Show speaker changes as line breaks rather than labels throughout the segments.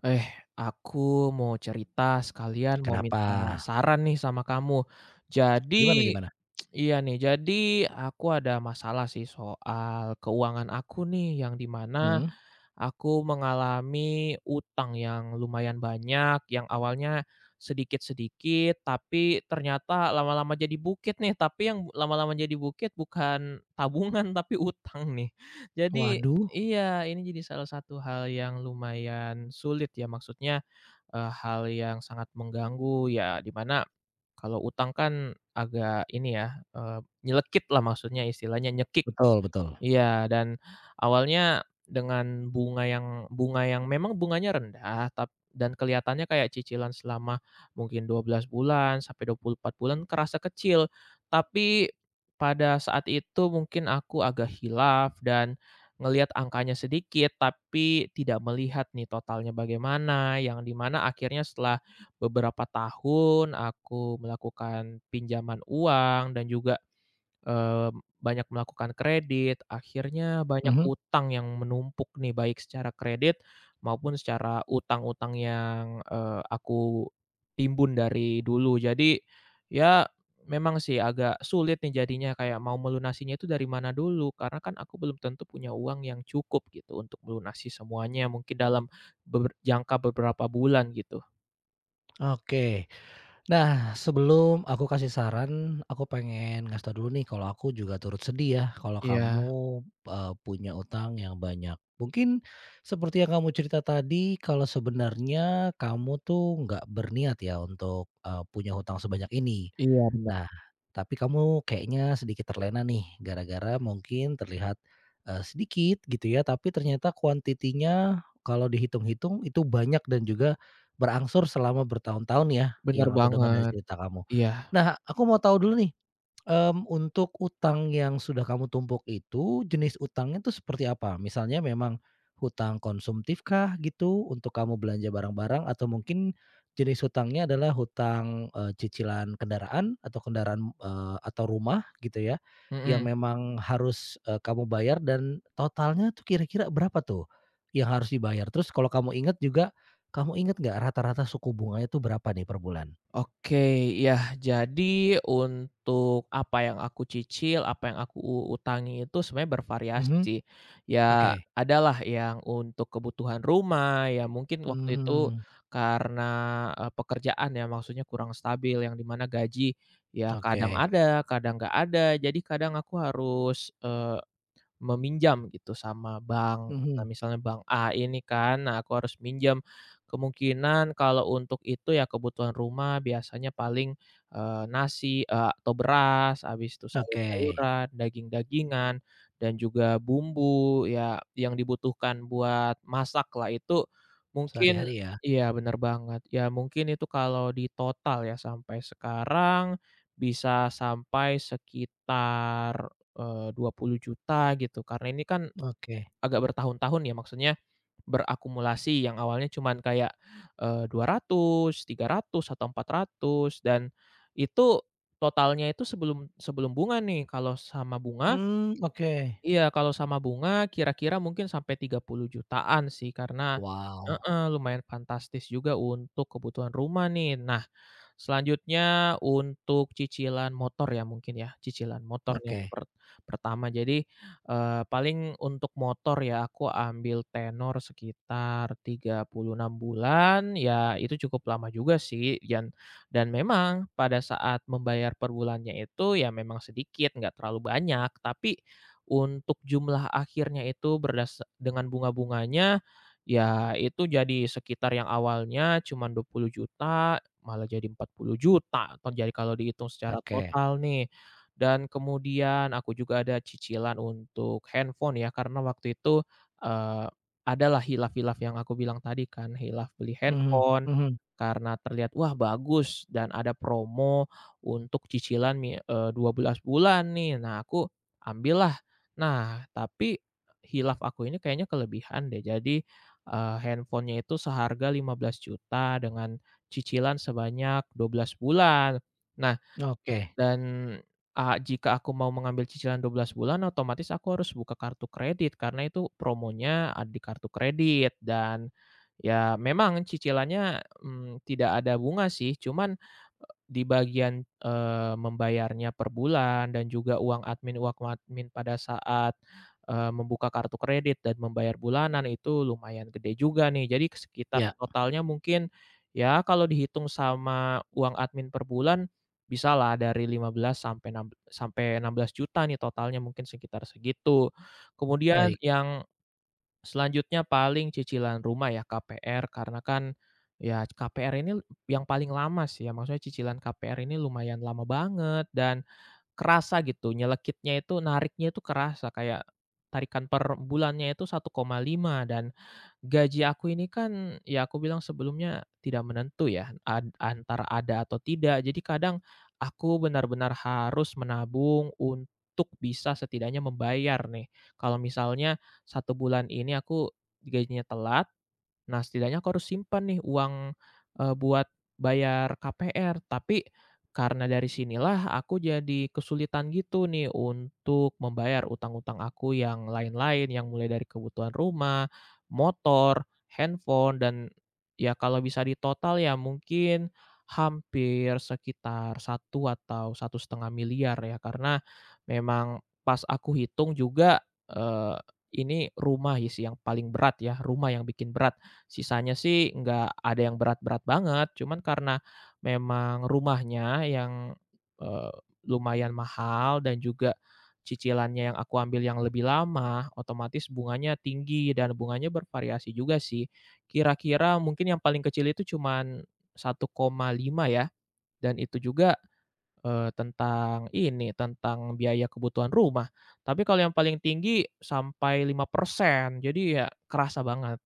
Eh, aku mau cerita, sekalian mau
Kenapa?
minta saran nih sama kamu.
Gimana
Jadi
gimana?
iya, nih. Jadi, aku ada masalah sih soal keuangan aku nih, yang di mana
Mmm.
aku mengalami hutang yang lumayan banyak, yang awalnya sedikit-sedikit, tapi ternyata lama-lama jadi bukit nih. Tapi yang bu lama-lama jadi bukit bukan tabungan, tapi hutang nih. Jadi
Waduh!
iya, ini jadi salah satu hal yang lumayan sulit ya, maksudnya, eee, hal yang sangat mengganggu. Ya, di mana, kalau hutang kan agak ini ya, eee, nyelekit lah maksudnya, istilahnya nyekik.
Betul betul.
Iya, dan awalnya dengan bunga yang bunga yang memang bunganya rendah, tap dan kelihatannya kayak cicilan selama mungkin 12 bulan, sampai 24 bulan, kerasa kecil. Tapi, pada saat itu mungkin aku agak khilaf, dan ngelihat angkanya sedikit, tapi tidak melihat nih totalnya bagaimana. Yang di mana akhirnya setelah beberapa tahun, aku melakukan pinjaman uang, dan juga, eee, banyak melakukan kredit, akhirnya banyak
Mhm.
hutang yang menumpuk nih, baik secara kredit maupun secara hutang-hutang yang, eee, aku timbun dari dulu. Jadi, ya, memang sih agak sulit nih jadinya, kayak mau melunasinya itu dari mana dulu. Karena kan aku belum tentu punya uang yang cukup gitu, untuk melunasi semuanya, mungkin dalam beber jangka beberapa bulan gitu.
Oke. Nah, sebelum aku kasih saran, aku pengen ngasih tahu dulu nih kalau aku juga turut sedih ya, kalau
Iya.
kamu, eee, punya utang yang banyak. Mungkin seperti yang kamu cerita tadi, kalau sebenarnya kamu tuh nggak berniat ya untuk, eee, punya hutang sebanyak ini.
Iya bener.
Nah, tapi kamu kayaknya sedikit terlena nih gara-gara mungkin terlihat, eee, sedikit, gitu ya, tapi ternyata quantity-nya kalau dihitung-hitung itu banyak dan juga berangsur selama bertahun-tahun ya,
Bener
yang aku denger dari
banget.
cerita kamu.
Iya.
Nah, aku mau tahu dulu nih, mmm, untuk utang yang sudah kamu tumpuk itu, jenis utangnya tuh seperti apa? Misalnya memang hutang konsumtifkah? Gitu, untuk kamu belanja barang-barang atau mungkin jenis hutangnya adalah hutang, eee, cicilan kendaraan? Atau kendaraan eee, atau rumah? Gitu ya, yang
Mhm.
memang harus, eee, kamu bayar dan totalnya tuh kira-kira berapa tuh, yang harus dibayar? Terus kalau kamu inget juga, kamu inget nggak rata-rata suku bunganya tuh berapa nih per bulan?
Oke. Yah, jadi untuk apa yang aku cicil, apa yang aku u utangi itu sebenarnya bervariasi
Mhm.
sih. Ya,
Oke.
ada lah yang untuk kebutuhan rumah. Ya mungkin waktu itu
Mhm.
karena, eee, pekerjaan ya, maksudnya kurang stabil yang di mana gaji ya kadang
Oke.
ada, kadang nggak ada. Jadi kadang aku harus, eee, meminjam gitu sama bank. Nah,
Mhm.
misalnya bank A ini kan, nah aku harus minjam. Kemungkinan kalau untuk itu ya kebutuhan rumah biasanya paling, eee, nasi, eee, atau beras, habis itu
Oke.
sayur-sayuran, daging-dagingan, dan juga bumbu ya, yang dibutuhkan buat masaklah. Itu mungkin
Sehari-hari ya.
iya, bener banget. Ya mungkin itu kalau ditotal ya sampai sekarang bisa sampai sekitar, eee, Rp20.000.000 gitu. Karena ini kan
Oke.
agak bertahun-tahun ya, maksudnya berakumulasi. Yang awalnya cuman kayak, eee, Rp200.000, Rp300.000, atau Rp400.000. Dan itu totalnya itu sebelum sebelum bunga nih. Kalau sama bunga
Mmm, oke.
Iya, kalau sama bunga kira-kira mungkin sampai Rp30.000.000-an sih. Karena
Wow.
heeh, lumayan fantastis juga untuk kebutuhan rumah nih. Nah selanjutnya, untuk cicilan motor ya, mungkin ya, cicilan motor nih yang
Oke.
per pertama. Jadi, eee, paling untuk motor ya, aku ambil tenor sekitar 36 bulan. Ya, itu cukup lama juga sih. Yan dan memang pada saat membayar per bulannya itu ya memang sedikit enggak terlalu banyak. Tapi untuk jumlah akhirnya itu berdasark dengan bunga-bunganya, ya itu jadi sekitar yang awalnya cuma Rp20.000.000 malah jadi Rp40.000.000. Atau jadi kalau dihitung secara
Oke.
total nih. Dan kemudian, aku juga ada cicilan untuk handphone ya, karena waktu itu eee, adalah khilaf khilaf yang aku bilang tadi kan. Khilaf beli
Mhm
handphone
mhm.
karena terlihat, “Wah bagus,” dan ada promo untuk cicilan mi eee, 12 bulan nih. Nah, aku ambillah. Nah, tapi khilaf aku ini kayaknya kelebihan deh. Jadi, eee, handphonenya itu seharga Rp15.000.000 dengan cicilan sebanyak 12 bulan. Nah,
Oke.
dan a jika aku mau mengambil cicilan 12 bulan, otomatis aku harus buka kartu kredit karena itu promonya, ah, di kartu kredit. Dan ya memang cicilannya, mmm, tidak ada bunga sih. Cuman, di bagian, eee, membayarnya per bulan dan juga uang admin uang admin pada saat, eee, membuka kartu kredit dan membayar bulanan itu lumayan gede juga nih. Jadi ke sekitar
Ya.
totalnya mungkin, ya kalau dihitung sama uang admin per bulan, bisalah dari Rp15.000.000 sampai enam sampai Rp16.000.000 nih totalnya. Mungkin sekitar segitu. Kemudian
Baik.
yang selanjutnya, paling cicilan rumah ya, KPR. Karena kan, ya KPR ini yang paling lama sih ya, maksudnya cicilan KPR ini lumayan lama banget dan kerasa, gitu. Nyelekitnya itu, nariknya itu kerasa. Kayak tarikan per bulannya itu 1,5. Dan, gaji aku ini kan ya aku bilang sebelumnya tidak menentu ya, ant antara ada atau tidak. Jadi kadang aku benar-benar harus menabung untuk bisa setidaknya membayar nih. Kalau misalnya 1 bulan ini aku gajinya telat, nah, setidaknya aku harus simpan nih uang, eee, buat bayar KPR. Tapi karena dari sinilah aku jadi kesulitan gitu nih untuk membayar utang-utang aku yang lain-lain, yang mulai dari kebutuhan rumah, motor, handphone, dan ya kalau bisa ditotal ya mungkin hampir sekitar 1 atau Rp1.500.000.000 ya. Karena memang pas aku hitung juga, eee, ini rumah sih yang paling berat ya, rumah yang bikin berat. Sisanya sih enggak ada yang berat-berat banget, cuman karena memang rumahnya yang, eee, lumayan mahal dan juga cicilannya yang aku ambil yang lebih lama, otomatis bunganya tinggi dan bunganya bervariasi juga sih. Kira-kira mungkin yang paling kecil itu cuman 1,5 ya. Dan itu juga, eee, tentang ini tentang biaya kebutuhan rumah. Tapi kalau yang paling tinggi sampai 5%. Jadi ya kerasa banget.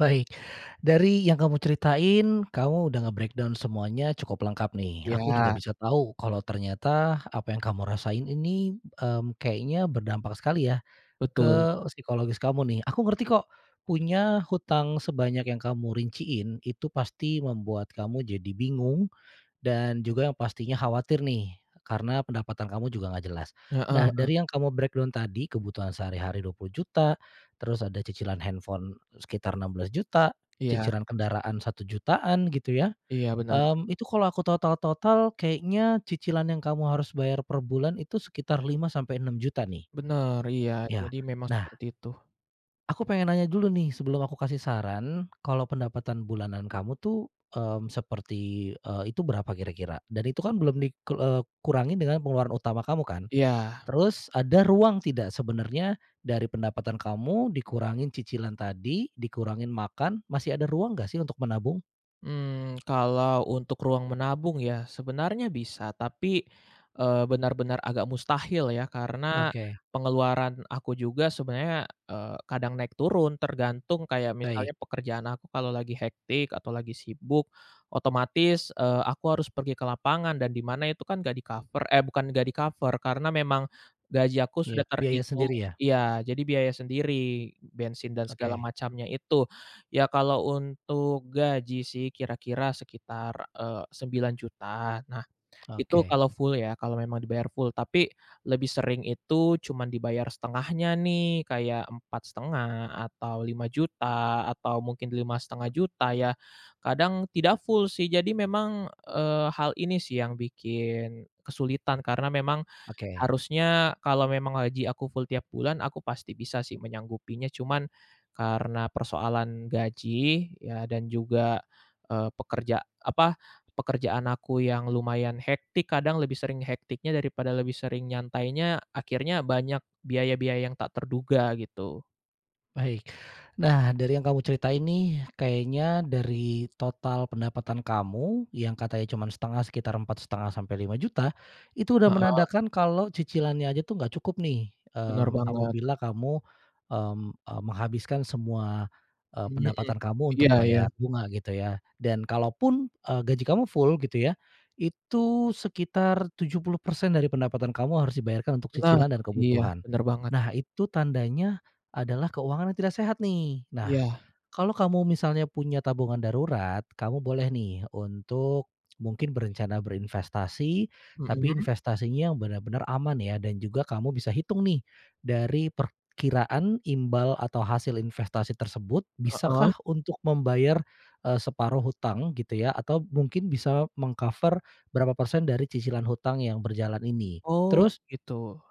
Baik, dari yang kamu ceritain, kamu udah nge-breakdown semuanya cukup lengkap nih. Aku juga
Iya.
bisa tahu kalau ternyata apa yang kamu rasain ini, mmm, kayaknya berdampak sekali ya,
Betul.
ke psikologis kamu nih. Aku ngerti kok punya hutang sebanyak yang kamu rinciin, itu pasti membuat kamu jadi bingung. Dan juga yang pastinya khawatir nih, karena pendapatan kamu juga nggak jelas.
Heeh
Nah,
heeh.
dari yang kamu breakdown tadi, kebutuhan sehari-hari Rp20.000.000, terus ada cicilan handphone sekitar Rp16.000.000,
Iya.
cicilan kendaraan Rp1.000.000-an gitu ya.
Iya benar.
Mmm, itu kalau aku total-total kayaknya cicilan yang kamu harus bayar per bulan itu sekitar Rp5.000.000-Rp6.000.000 nih.
Benar, iya,
Ya.
jadi memang
Nah
seperti itu.
aku pengen nanya dulu nih sebelum aku kasih saran, kalau pendapatan bulanan kamu tuh, mmm, seperti, eee, itu berapa kira-kira? Dan itu kan belum dikel eee, kurangin dengan pengeluaran utama kamu kan?
Iya.
Terus, ada ruang tidak sebenarnya dari pendapatan kamu dikurangin cicilan tadi, dikurangin makan, masih ada ruang nggak sih untuk menabung?
Mmm, kalau untuk ruang menabung ya sebenarnya bisa, tapi, eee, benar-benar agak mustahil ya karena
Oke.
pengeluaran aku juga sebenarnya, eee, kadang naik turun tergantung kayak
Baik.
misalnya pekerjaan aku kalau lagi hektik atau lagi sibuk, otomatis, eee, aku harus pergi ke lapangan dan di mana itu kan nggak di-cover eh, bukan nggak di-cover, karena memang gaji aku
Iya,
sudah
biaya
terhitung
sendiri ya?
iya, jadi biaya sendiri bensin dan segala
Oke.
macamnya itu. Ya, kalau untuk gaji sih kira-kira sekitar, eee, Rp9.000.000. Nah, itu
Oke.
kalau full ya kalau memang dibayar full. Tapi lebih sering itu cuman dibayar 1/2-nya nih, kayak Rp4.500.000 atau Rp5.000.000 atau mungkin Rp5.500.000 ya. Kadang tidak full sih. Jadi memang, eee, hal ini sih yang bikin kesulitan karena memang
Oke.
harusnya kalau memang aji aku full tiap bulan aku pasti bisa sih menyanggupinya. Cuman karena persoalan gaji ya dan juga, eee, pekerja apa, pekerjaan aku yang lumayan hektik, kadang lebih sering hektiknya daripada lebih sering nyantainya, akhirnya banyak biaya-biaya yang tak terduga, gitu.
Baik. Nah, dari yang kamu ceritain nih, kayaknya dari total pendapatan kamu, yang katanya cuman 1/2 sekitar Rp4.500.000-Rp5.000.000, itu udah
Heeh.
menandakan kalau cicilannya aja tuh nggak cukup nih.
Bener
Mmm,
banget.
apabila kamu, mmm, eee, menghabiskan semua, eee,
Mhm.
pendapatan kamu untuk
Iya iya.
bayar bunga gitu ya. Dan kalaupun, eee, gaji kamu full gitu ya, itu sekitar 70% dari pendapatan kamu harus dibayarkan untuk
Nah,
cicilan dan
iya.
kebutuhan.
Bener banget.
Nah, itu tandanya adalah keuangan yang tidak sehat nih. Nah,
Iya.
kalau kamu misalnya punya tabungan darurat, kamu boleh nih untuk mungkin berencana berinvestasi, tapi
Mhm.
investasinya yang benar-benar aman ya, dan juga kamu bisa hitung nih dari perkiraan imbal atau hasil investasi tersebut,
Heeh.
bisakah untuk membayar, eee, separuh hutang gitu ya, atau mungkin bisa meng-cover berapa persen dari cicilan hutang yang berjalan ini.
Oh,
Terus
gitu.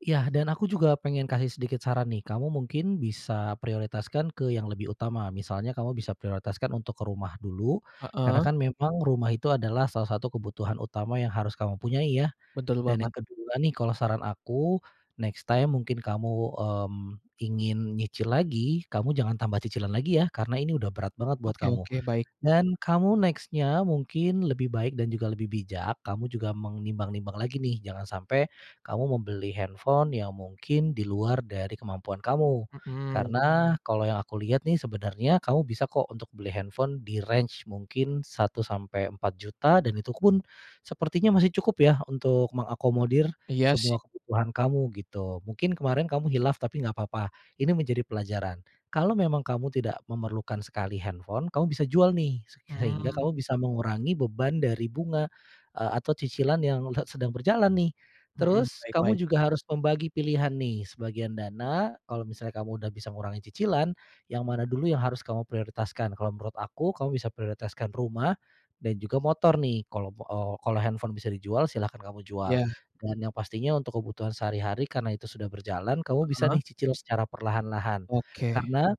Ya, dan aku juga pengen kasih sedikit saran nih. Kamu mungkin bisa prioritaskan ke yang lebih utama. Misalnya kamu bisa prioritaskan untuk ke rumah dulu, karena
Heeh.
kan memang rumah itu adalah salah satu kebutuhan utama yang harus kamu punyai ya.
Betul
Dan
banget.
yang ke-2 nih, kalau saran aku, next time mungkin kamu, mmm, ingin nyicil lagi, kamu jangan tambah cicilan lagi ya, karena ini udah berat banget buat
Oke
kamu.
oke. Baik.
Dan kamu next-nya mungkin lebih baik dan juga lebih bijak, kamu juga menimbang-nimbang lagi nih, jangan sampe kamu membeli handphone yang mungkin di luar dari kemampuan kamu.
Mhm.
Karena kalau yang aku lihat nih sebenarnya kamu bisa kok untuk beli handphone di range mungkin Rp1.000.000-Rp4.000.000, dan itu pun sepertinya masih cukup ya untuk mengakomodir
Iya sih.
semua kebutuhan kamu, gitu. Mungkin kemarin kamu khilaf, tapi nggak papa. Ini menjadi pelajaran. Kalau memang kamu tidak memerlukan sekali handphone, kamu bisa jual nih, se sehingga
Hmm.
kamu bisa mengurangi beban dari bunga, eee, atau cicilan yang led sedang berjalan nih.
Mhm,
Terus
baik
kamu
baik.
juga harus membagi pilihan nih, sebagian dana, kalau misalnya kamu udah bisa ngurangi cicilan, yang mana dulu yang harus kamu prioritaskan. Kalau menurut aku, kamu bisa prioritaskan rumah dan juga motor nih, kalau b eee, kalau handphone bisa dijual, silahkan kamu jual.
Ya.
Dan yang pastinya untuk kebutuhan sehari-hari karena itu sudah berjalan, kamu bisa
Heeh.
nih cicil secara perlahan-lahan.
Oke.
Karena,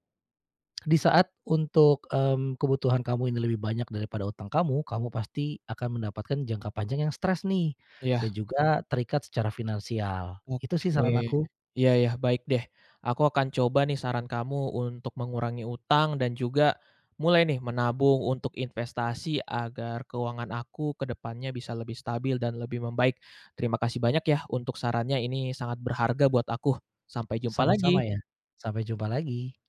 di saat untuk, mmm, kebutuhan kamu ini lebih banyak daripada utang kamu, kamu pasti akan mendapatkan jangka panjang yang stres nih, dan
Iya.
juga terikat secara finansial. Itu sih saran
Oke,
aku.
iya iya, baik deh. Aku akan coba nih saran kamu untuk mengurangi utang dan juga mulai nih menabung untuk investasi agar keuangan aku ke depannya bisa lebih stabil dan lebih membaik. Terima kasih banyak yah, untuk sarannya, ini sangat berharga buat aku. Sampai jumpa lagi.
Sama-sama ya. Sampai jumpa lagi.